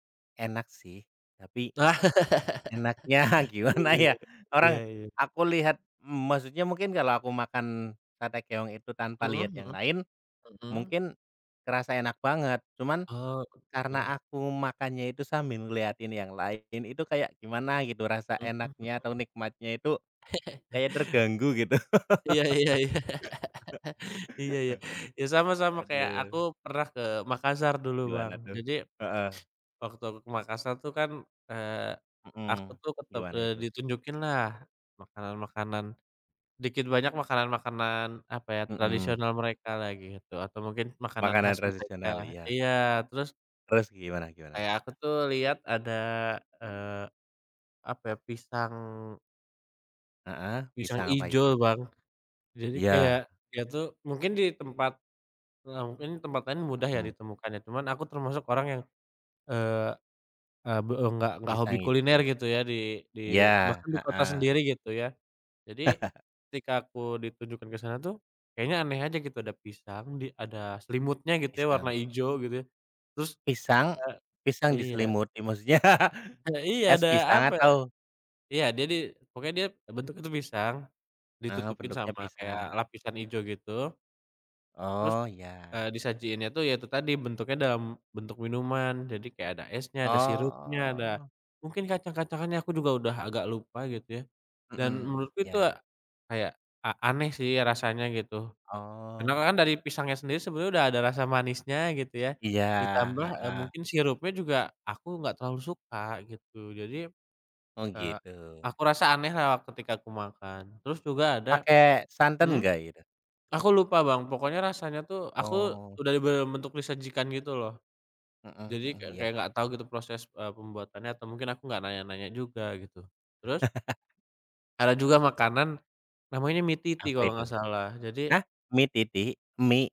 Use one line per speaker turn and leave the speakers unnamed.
Enak sih. Tapi, enaknya
Iya
gimana ya,
iya. Iya
orang,
iya.
aku lihat, maksudnya mungkin kalau aku makan sate keong itu tanpa
Mhm
lihat yang
mhm.
lain,
Mhm.
mungkin, kerasa enak banget. Cuman,
Oh, betul.
karena aku makannya itu sambil ngelihatin yang lain, itu kayak gimana gitu, rasa
Mhm mhm.
enaknya atau nikmatnya itu kayak terganggu gitu.
Iya iya iya. Iya iya. Ya sama sama kayak aku
Aduh.
pernah ke Makassar dulu Bang.
Gimana tuh?
Jadi,
Heeh.
waktu aku ke Makassar tuh kan, eee, aku
Mhm.
tuh tetep
Gimana
eee,
itu?
ditunjukinlah makanan-makanan, dikit banyak makanan-makanan, apa ya,
Mhm.
tradisional mereka lah gitu, atau mungkin, makanan
Makanan
khas mereka
tradisional, iya.
iya. Terus
Terus, gimana gimana?
kayak aku tuh lihat ada, eee, apa ya, pisang
Heeh,
pisang
pisang apa itu?
ijo Bang. Jadi kayak
Iya.
dia tuh mungkin di tempat ya mungkin di tempat lain mudah ya
Mhm.
ditemukannya. Cuman aku termasuk orang yang, eee, e be enggak enggak hobi
Pisang itu.
kuliner gitu ya di di
Iya,
bahkan di kota
heeh.
sendiri gitu ya. Jadi, ketika aku ditunjukkan ke sana tuh kayaknya aneh aja gitu, ada pisang di, ada selimutnya gitu ya warna
Pisang.
hijau gitu ya. Terus,
Pisang pisang
eee iya.
diselimuti maksudnya,
E iya,
es
ada
pisang
apa
atau?
iya, dia di pokoknya dia bentuk itu pisang,
Heeh,
ditutupin
bentuknya
sama kayak
pisang.
lapisan hijau gitu. Terus,
Oh, iya.
eee, disajiinnya tuh ya itu tadi bentuknya dalam bentuk minuman. Jadi kayak ada esnya, ada sirupnya, ada,
Oh.
mungkin kacang-kacangannya aku juga udah agak lupa gitu ya. Dan
Mhm,
menurutku itu
iya.
a kayak, a a aneh sih rasanya gitu. Karena
Oh.
kan dari pisangnya sendiri sebenarnya udah ada rasa manisnya gitu ya.
Iya,
Ditambah, eee,
heeh.
mungkin sirupnya juga aku enggak terlalu suka gitu. Jadi,
Oh
eee,
gitu.
aku rasa aneh lah ketika aku makan. Terus juga ada
Pakai santen
mhm.
nggak itu?
Aku lupa Bang, pokoknya rasanya tuh aku
Oh.
udah di dalam bentuk disajikan gitu loh.
Mhm
Jadi ka
mhm. Iya.
kayak enggak tahu gitu proses, e pembuatannya atau mungkin aku enggak nanya-nanya juga gitu. Terus ada juga makanan, namanya mi titi
Apa
kalau
itu?
enggak salah. Jadi
Hah, mi titi? Mi?